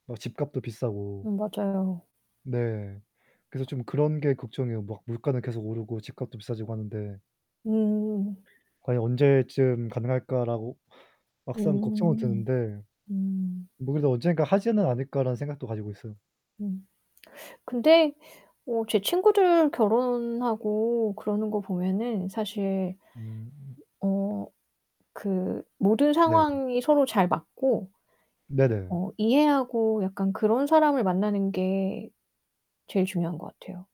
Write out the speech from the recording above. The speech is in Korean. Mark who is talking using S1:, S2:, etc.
S1: 뭐 집값도 비싸고.
S2: 음 맞아요.
S1: 네. 그래서 좀 그런 게 걱정이에요. 막 물가는 계속 오르고 집값도 비싸지고 하는데
S2: 음.
S1: '과연 언제쯤 가능할까?'라고 막상 걱정은
S2: 음음.
S1: 드는데
S2: 음.
S1: '뭐 그래도 언젠가 하지는 않을까?'라는 생각도 가지고 있어요.
S2: 음. 근데 어 제 친구들 결혼하고 그러는 거 보면은 사실
S1: 음.
S2: 어 그 모든
S1: 네.
S2: 상황이 서로 잘 맞고
S1: 네네.
S2: 어 이해하고 약간 그런 사람을 만나는 게 제일 중요한 것 같아요.